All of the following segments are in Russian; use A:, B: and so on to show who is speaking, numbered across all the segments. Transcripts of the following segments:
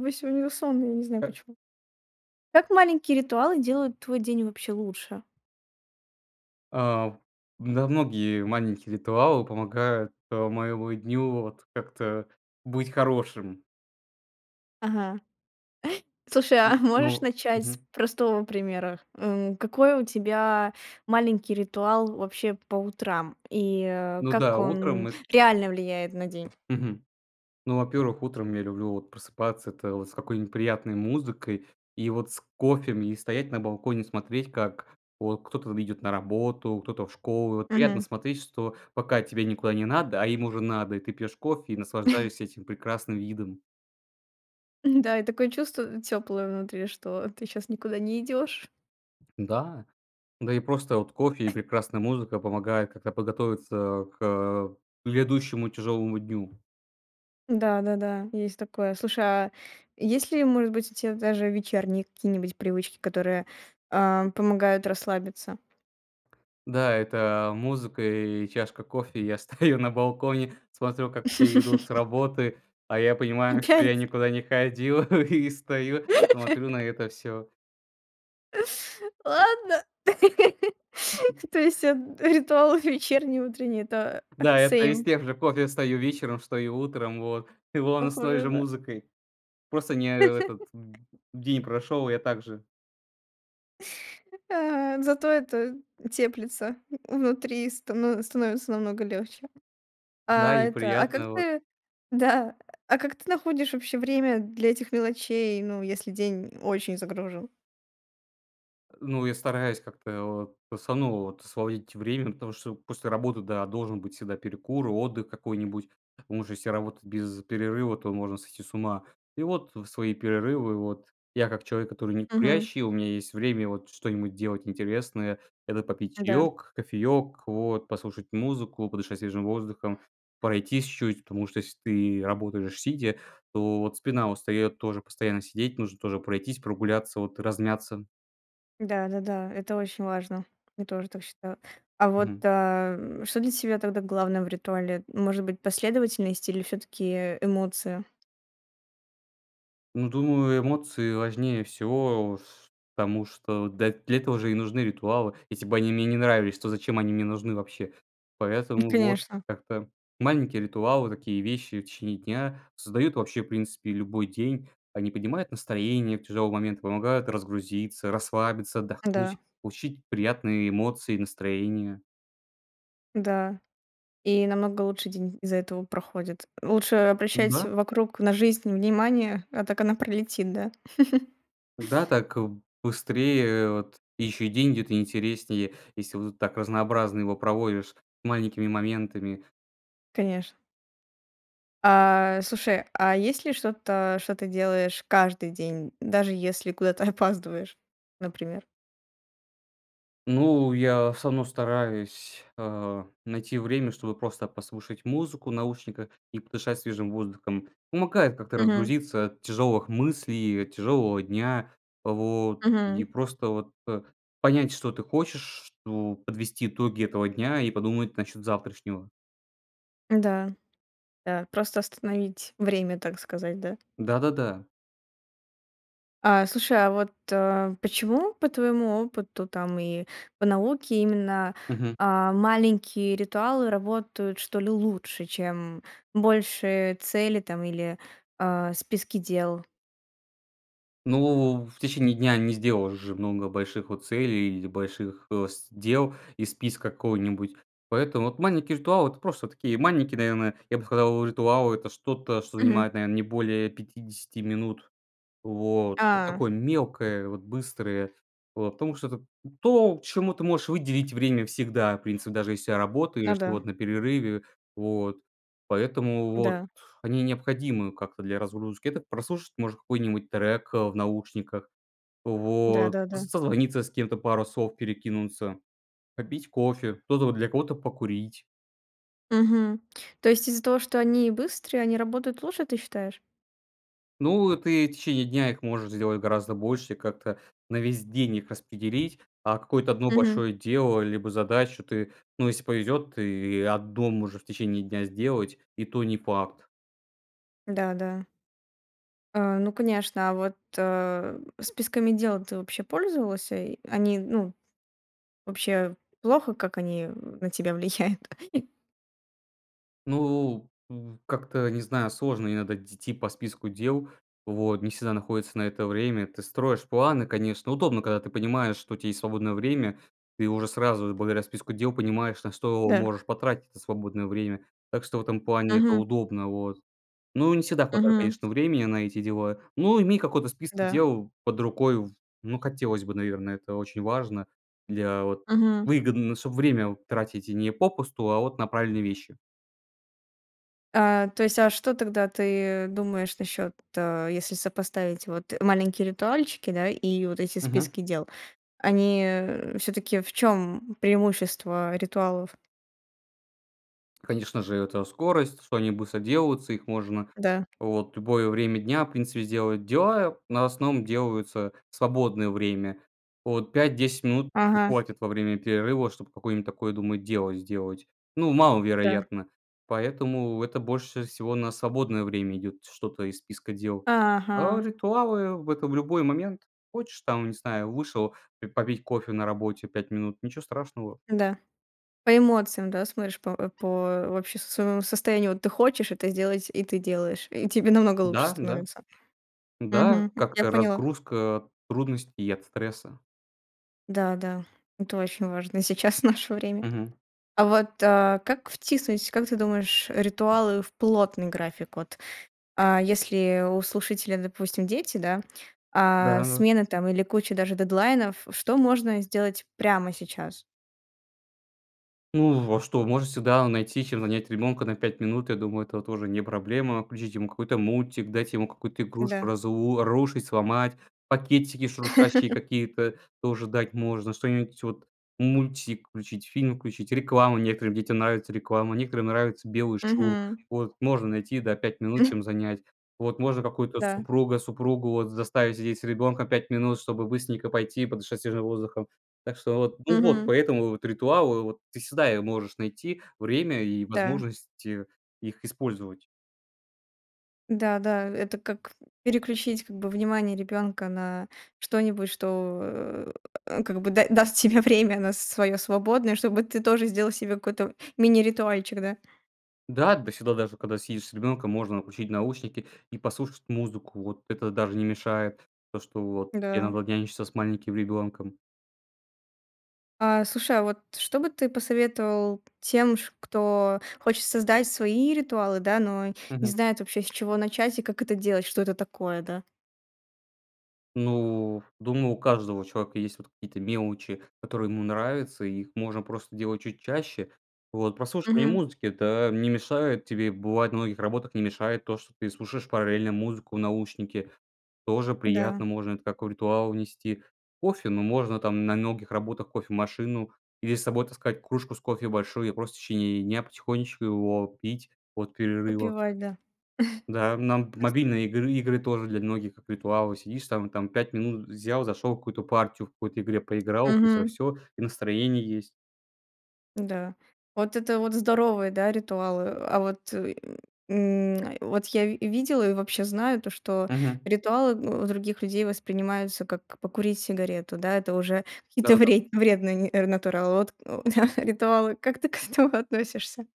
A: Вы сегодня, вы сонный, я не знаю
B: Э.
A: почему. Как маленькие ритуалы делают твой день вообще лучше?
B: А, в Да, многие маленькие ритуалы помогают, а, моему дню вот как-то быть хорошим.
A: Ага. Слушай,
B: М,
A: можешь
B: ну,
A: начать с
B: мгм.
A: простого примера? Э, м, какой у тебя маленький ритуал вообще по утрам и, а,
B: Ну
A: как
B: да, утром
A: он
B: эт
A: реально влияет на день?
B: Мгм. Ну, во-первых, утром я люблю вот просыпаться, это вот с какой-нибудь приятной музыкой и вот с кофем, и стоять на балконе, смотреть, как вот кто-то в идет на работу, кто-то в школу. Вот приятно
A: Мгм.
B: смотреть, что, пока тебе никуда не надо, а им уже надо, и ты пьешь кофе и наслаждаешься этим прекрасным видом.
A: М-да, и такое чувство тёплое внутри, что ты щас никуда не идёшь.
B: Да, да и просто вот кофе и прекрасная музыка помогает как-то подготовиться, а, к, а, к грядущему тяжёлому дню.
A: Да-да-да, есть такое. Слушай, а, есть ли, может быть, у тя даже вечерние какие-нибудь привычки, которые, а, помогают расслабиться?
B: Да, это, а, музыка и чашка кофе. И я стою на балконе, смотрю, как все идут с работы, а я понимаю, что я
A: Опять?
B: никуда не ходил, и стою, смотрю на это всё.
A: Ладно. То есть эт ритуалов вечерний, утренний это, э,
B: Да, это из
A: same.
B: тех же: кофе встаю вечером, встаю утром вот. И вон с той
A: Похоже,
B: же
A: да.
B: музыкой. Просто не, э, этот д день прошел, и я также
A: Э, зато это теплится внутри, и стано становится намного легче.
B: Да,
A: А,
B: и
A: это, а как
B: приятно, вот.
A: ты Да. А как ты находишь вообще время для этих мелочей, ну, если день очень загружен?
B: Э, ну, я стараюсь как-то вот просто ну вот сводить время, потому что после работы, да, должен быть всегда перекур, отдых какой-нибудь. Потому что если работать без перерыва, то можно сойти с ума. И вот в свои перерывы вот я, как человек, который
A: Мгм.
B: некурящий- у меня есть время вот что-нибудь делать интересное- это попить
A: М-да.
B: чаёк, кофеёк, вот послушать музыку, подышать свежим воздухом, пройтись чуть. Потому что если ты работаешь сидя, то вот спина устаёт тоже постоянно сидеть- нужно тоже пройтись, прогуляться, вот размяться.
A: Да-да-да. Это очень важно. Я тоже так считаю. А вот,
B: Мгм.
A: ам, что для тебя тогда главное в ритуале? М, может быть, последовательность или всё-таки эмоция?
B: Ну, думаю, эмоции важнее всего, ф потому что, да, для этого же и нужны ритуалы: если бы они мне не нравились, то зачем они мне нужны вообще.
A: М,
B: Поэтому, вот,
A: конечно.
B: как-то маленькие ритуалы, такие вещи в течение дня создают вообще, в принципе, любой день, они поднимают настроение в тяжелый момент, помогают разгрузиться, расслабиться,
A: М-да.
B: отдохнуть, получить приятные эмоции и настроение.
A: Да. И намного лучше день из-за этого проходит. Лучше обращать
B: М-да.
A: вокруг на жизнь внимание, а так она пролетит, да?
B: Да, так, э, быстрее вот, ещё и деньги, это интереснее. Если вот так разнообразно его проводишь маленькими моментами.
A: Конечно. А, слушай, а есть ли что-то, что ты делаешь каждый день, даже если куда-то опаздываешь, например?
B: Ну, я всё равно стараюсь, а, найти время, чтобы просто послушать музыку наушниках и подышать свежим воздухом. Помогает как-то
A: Мгм.
B: разгрузиться от тяжелых мыслей, и от тяжелого дня, вот, и
A: Мгм.
B: просто, вот, понять, что ты хочешь, что подвести итоги этого дня и подумать насчет завтрашнего.
A: М-да, да. Просто остановить время, так сказать, да?
B: Да-да-да.
A: А, слушай, а вот, э, почему, по твоему опыту там и по науке, именно,
B: Мгм.
A: а, маленькие ритуалы работают, что ли, лучше, чем большие цели там или, а, списки дел?
B: Ну, в в течение дня не сделаешь же много больших, вот, целей или больших, э, с дел из списка какого-нибудь. Поэтому, вот, маленькие ритуалы- это просто такие маленькие, наверное. Я бы сказал, ритуал- это что-то, что
A: Мгм.
B: занимает, наверно, не более 50 минут. Вот, ну,
A: А.
B: такое мелкое, вот, быстрое. Вот, потому что это то, чему ты можешь выделить время всегда, в принципе, даже если я работаю,
A: Ну
B: и, что,
A: да.
B: вот, на перерыве. Вот. Поэтому, вот,
A: Да.
B: они необходимы как-то для разгрузки. Это прослушать можно какой-нибудь трек, э, в наушниках. Вот,
A: Да-да-да.
B: с созвониться с кем-то, пару слов перекинуться, попить кофе. Кто-то, вот, для кого-то- покурить.
A: Мгм. То есть из-за того, что они быстрые, они работают лучше, ты считаешь?
B: Ну, ты и в течение дня их можешь сделать гораздо больше, как-то на весь день их распределить, а какое-то 1
A: Мгм.
B: большое дело либо задачу ты, ну, если повезет, ты 1 можешь в течение дня сделать. И то не факт.
A: Да, да. А, ну конечно, а вот, а, списками дел ты вообще пользовался? И они, ну, вообще плохо как они, э, на тебя влияют? И
B: Ну, в как-то не знаю, сложно иногда идти по списку дел, вот не всегда находится на это время. Ты строишь планы, конечно. Удобно, когда ты понимаешь, что у тебя есть свободное время. Ты уже сразу, благодаря списку дел, понимаешь, на что
A: Да.
B: можешь потратить это свободное время. Так что в этом плане это
A: Мгм.
B: удобно, вот. Ну, не всегда хватает,
A: Мгм.
B: конечно, времени на эти дела, но иметь какой-то список
A: Да.
B: дел под рукой в ну хотелось бы, наверное, это очень важно для вот
A: Мгм.
B: Выгодно, чтобы время вот тратить не попусту, а вот на правильные вещи.
A: А, то есть, а что тогда ты думаешь насчет, э, если сопоставить вот маленькие ритуальчики, да, и вот эти
B: Мгм.
A: списки дел, они, э, всё-таки в чем преимущество ритуалов?
B: Конечно же, это скорость, что они быстро делаются. Их можно
A: Да.
B: вот в любое время дня, в принципе, сделать дела, но в основном делаются в свободное время. Вот 5-10 минут и
A: Ага.
B: хватит во время перерыва, чтобы какое-нибудь такое, думаю, дело сделать. Ну,
A: Да.
B: маловероятно. Поэтому это больше всего на свободное время идет, что-то из списка дел. А
A: Ага.
B: ритуалы- это в любой момент. Хочешь там, не знаю, вышел ты попить кофе на работе 5 минут- ничего страшного.
A: Да. По эмоциям, да, смотришь, по, э, по вообще с своего состоянию. Вот ты хочешь это сделать, и ты делаешь. И тебе намного лучше
B: Да, да.
A: становится.
B: Да,
A: Мгм, м, я
B: как-то
A: поняла.
B: разгрузка, трудностей и от стресса.
A: Да-да. Это очень важно сейчас, в наше время.
B: Мгм.
A: А вот, а, как втиснуть, как ты думаешь, ритуалы в плотный график, вот. А, если у слушателя, допустим, дети, да, а
B: Да-да.
A: смена там или куча даже дедлайнов, что можно сделать прямо сейчас?
B: Ну, в а что, можно всегда найти, чем занять ребёнка на 5 минут. Я думаю, это тоже не проблема. Включить ему какой-то мультик, дать ему какую-то игрушку
A: Да.
B: разу рушить, сломать. Пакетики шуршащие какие-то тоже дать можно, что-нибудь, вот. Мультик включить, фильм включить, рекламу, некоторым детям нравится реклама. Некоторым нравится белый шум.
A: Мгм.
B: Вот. Можно найти, да, 5 минут, чем занять. Вот. Можно какую-то
A: Да.
B: супруга, супругу, вот, заставить сидеть с ребёнком 5 минут, чтобы быстренько пойти подышать свежим воздухом. Так что вот. Ну вот.
A: Мгм.
B: Поэтому, вот, ритуалы, вот, ты всегда его можешь найти время и
A: Да.
B: возможность их использовать.
A: Да-да, это как переключить, как бы, внимание ребенка на что-нибудь, что, как бы, да даст тебе время на с своё свободное, чтобы ты тоже сделал себе какой-то мини-ритуальчик, да.
B: Да. Да всегда, даже когда сидишь с ребенком, можно включить наушники и послушать музыку, вот. Это даже не мешает, то, что вот. Тебе
A: Да.
B: надо нянчиться с маленьким ребенком.
A: А, слушай, а вот что бы ты посоветовал тем, ш кто хочет создать свои ритуалы, да, но не
B: Мгм.
A: знает вообще, с чего начать и как это делать, что это такое, да?
B: Ну, думаю, у каждого человека есть, вот, какие-то мелочи, которые ему нравятся, и их можно просто делать чуть чаще. Вот. Прослушивание
A: Мгм.
B: музыки- это не мешает тебе. Бывает, на многих работах не мешает то, что ты слушаешь параллельно музыку в наушнике. Тоже
A: Да.
B: приятно. Можно это как в ритуал внести. Кофе? Ну, можно там, на многих работах- кофемашину. Или с собой таскать кружку с кофе большую и просто в течение дня потихонечку его пить от перерыва.
A: Попивать, да.
B: Да, нам
A: [unintelligible]
B: мобильные игры игры тоже для многих, как ритуалы. Сидишь там там 5 минут, взял, зашел в какую-то партию в какой-то игре, поиграл. Быстро
A: Мгм.
B: всё, и настроение есть.
A: Да. Вот это вот здоровые, да, ритуалы. А вот, э, м, э, вот я ви видела и вообще знаю то, что
B: Мгм.
A: ритуалы у других людей воспринимаются как покурить сигарету, да, это уже какие-то
B: Да-да-да.
A: вре вредные ни натуралы. Вот, да, ритуалы. Как ты к этому относишься?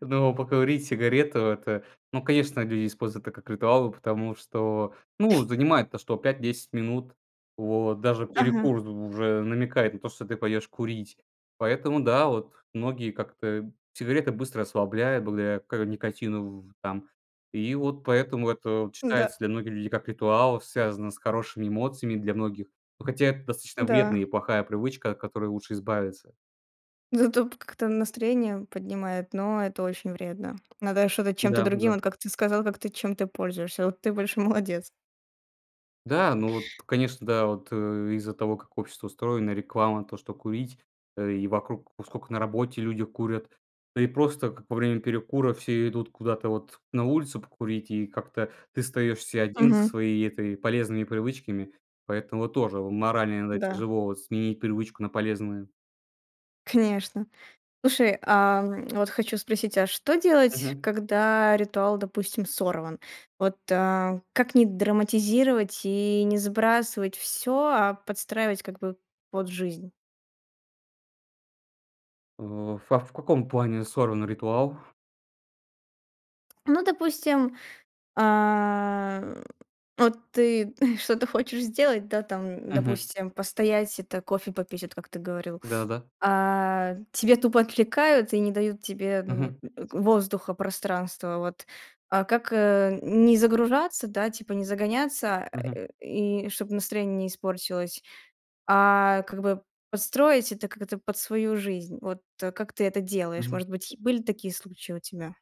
B: Ну, покурить сигарету- это, ну, конечно, люди используют это как ритуал, потому что, ну, занимает то что 5-10 минут. Вот, даже
A: Ага.
B: перекур у уже намекает на то, что ты пойдешь курить. Поэтому, да, вот многие как-то Сигарета быстро расслабляет благодаря к никотину в там. И вот поэтому это вот
A: Н-да.
B: считается многими людьми как ритуал, связанный с хорошими эмоциями для многих. Но хотя это достаточно вредная
A: Да.
B: и плохая привычка, от которой лучше избавиться.
A: Зато пк как-то настроение поднимает, но это очень вредно. Надо что-то чем-то другим,
B: Да-да.
A: вот как ты сказал, как ты чем-то пользуешься. Вот ты большой молодец.
B: Да, ну вот, конечно, да, вот, э, из-за того, как общество устроено, реклама то, что курить, э, и вокруг Вот сколько на работе люди курят. Да и просто, как во время перекура все идут куда-то, вот, на улицу покурить, и как-то ты остаёшься 1 со
A: Мгм.
B: своей этой полезными привычками. Поэтому вот тоже морально иногда
A: Да.
B: тяжело, вот, сменить привычку на полезную.
A: Конечно. Слушай, ам, вот хочу спросить, а что делать,
B: Мгм.
A: когда ритуал, допустим, сорван? Вот, а, как не драматизировать и не сбрасывать всё, а подстраивать, как бы, под жизнь?
B: В ф а, в каком плане сорван ритуал?
A: Ну, допустим, а, м, вот ты что-то хочешь сделать, да, там,
B: Мгм.
A: допустим, постоять это кофе попить, от как ты говорил.
B: Да-да-да.
A: А тебя тупо отвлекают и не дают тебе, ну, э,
B: Мгм.
A: воздуха, пространства, вот. А как, э, н не загружаться, да, типа не загоняться, а,
B: Мгм.
A: э, и чтобы настроение не испортилось, а, как бы подстроить это как-то под свою жизнь? Вот, э, как ты это делаешь?
B: Мгм.
A: Может быть, е были такие случаи у тебя?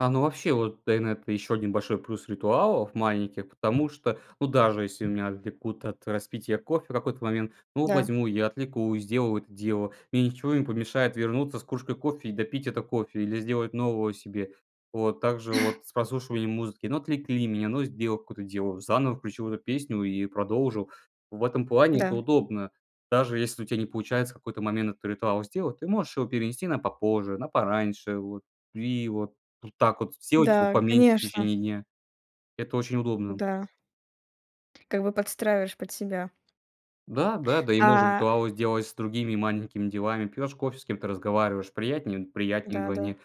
B: А, ну, вообще вот тэйнет еще один большой плюс ритуалов маленьких, потому что, ну, даже если меня отвлекут от распития кофе в какой-то момент, ну,
A: Да.
B: возьму я, отвлекусь, сделаю это дело, мне ничего не помешает вернуться с кружкой кофе и допить это кофе, или сделать нового себе. Вот. Так же вот с прослушиванием музыки: ну, отвлекли меня, ну, сделал какое-то дело- заново включил эту песню и продолжил. В этом плане это
A: Да.
B: удобно. Даже если у тя не получается в какой-то момент этот ритуал сделать, ты можешь его перенести на попозже, на пораньше, вот. Ви его так вот сделать его
A: Да,
B: поменьше в
A: конечно.
B: течение дня. Это очень удобно.
A: Да. Как бы подстраиваешь под себя.
B: Да, да. Да и можно
A: А
B: ритуалы сделать с другими маленькими делами. Пьешь кофе- с кем-то разговариваешь. Приятнее? Приятнее
A: Да-да.
B: вдвойне.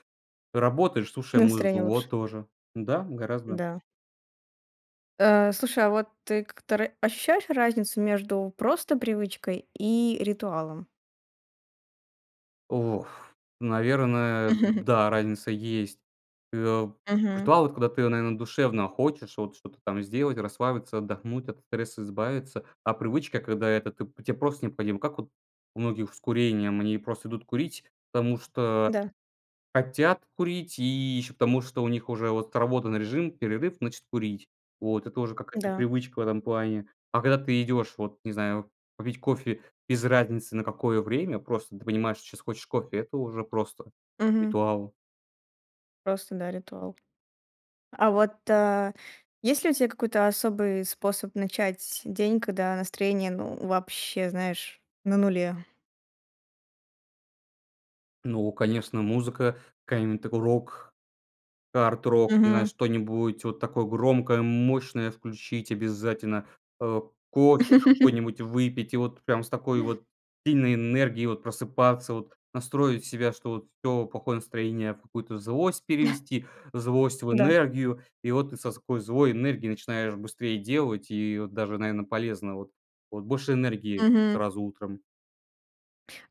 B: Работаешь,
A: И
B: слушая музыку.
A: настроение лучше.
B: Вот, тоже. Да, гораздо.
A: Да. Э, слушай, а вот ты к тр ощущаешь разницу между просто привычкой и ритуалом?
B: В Ох. Наверное, да, разница есть. Э, а,
A: Мгм.
B: ритуал- это когда ты, наверно, душевно хочешь вот что-то там сделать, расслабиться, отдохнуть, от стресса избавиться, а привычка, когда это ты те просто необходима. Как вот у многих с курением? Они просто идут курить, потому что
A: Да.
B: хотят курить и еще, потому что у них уже вот отработан режим, перерыв- значит, курить. Вот это уже какая-то
A: Да.
B: привычка в этом плане. А когда ты идешь вот, не знаю, попить кофе без разницы на какое время, просто ты понимаешь, сейчас хочешь кофе- это уже просто
A: Мгм.
B: ритуал.
A: Просто, да, ритуал. А вот, а, есть ли у тя какой-то особый способ начать день, когда настроение, ну вообще, знаешь, на нуле?
B: Ну конечно, музыка какая-нибудь, такой рок, арт-рок, не знаю,
A: Мгм.
B: что-нибудь. Вот такое громкое, мощное включить обязательно. Э, кофе какой-нибудь выпить, и вот прям с такой вот сильной энергией вот просыпаться вот, настроить себя, что вот: всё плохое настроение в какую-то злость перевести, злость в
A: Да.
B: энергию. И вот ты со ской злой энергией начинаешь быстрее делать, и вот даже, наверно, полезно вот. Вот больше энергии
A: Мгм.
B: сразу утром.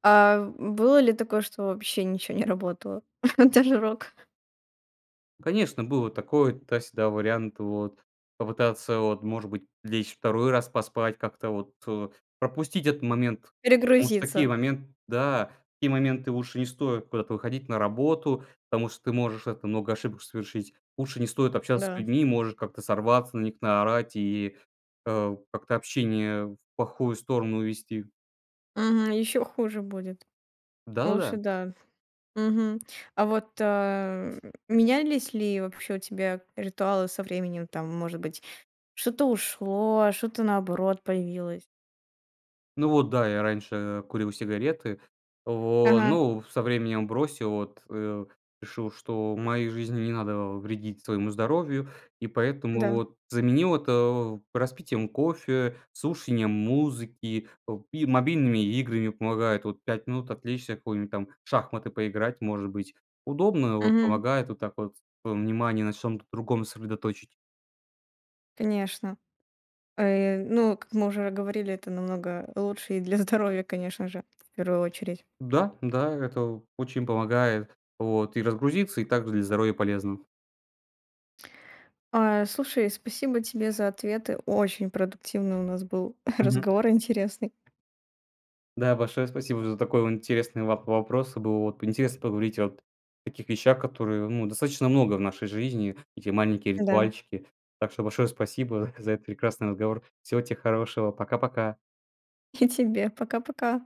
A: А, м, было ли такое, что вообще ничего не работало? Даже рок?
B: Конечно, было такой- туда-сюда вариант, вот. Попытаться вот, может быть, лечь 2 раз поспать. Как-то вот, э, пропустить этот момент. Потому что в такие
A: Перегрузиться.
B: момент да, в такие моменты лучше не стоит куда-то выходить на работу. Потому что ты можешь, это, много ошибок совершить. Лучше не стоит общаться с
A: Да.
B: людьми. Можешь как-то сорваться на них, наорать. И, э, как-то общение в плохую сторону увести.
A: Мгм, ещё хуже будет. Лучше
B: Да-да-да.
A: да. Мгм. А вот, э, менялись ли вообще у тебя ритуалы со временем? Там, может быть, что-то ушло, что-то, наоборот, появилось?
B: Ну, вот да. Я раньше курил сигареты. Во
A: Ага.
B: ну, ф со временем бросил, вот, э, решил, что в моей жизни не надо вредить своему здоровью, и поэтому
A: Да.
B: вот заменил вот, э, распитием кофе, слушанием музыки, о и мобильными играми. Помогает вот 5 минут отвлечься, в какую-нибудь там, в шахматы поиграть, может быть, удобно, вот
A: Мгм.
B: помогает вот так вот, э, внимание на чём-то другом сосредоточить.
A: Конечно. Э, ну, как мы уже говорили, это намного лучше и для здоровья, конечно же, в первую очередь.
B: Да, да, это очень помогает, вот и разгрузиться, и также для здоровья полезно.
A: Ай, слушай, спасибо тебе за ответы. Очень продуктивный у нас был
B: Мгм.
A: разговор интересный.
B: Да, большое спасибо за такой вон интересный воп вопрос. Э, было вот интересно поговорить вот о таких вещах, которые, ну, достаточно много в нашей жизни. Такие маленькие
A: Да.
B: ритуальчики. Так что большое спасибо за этот прекрасный разговор. Всего те хорошего, пока-пока!
A: И тебе, пока-пока.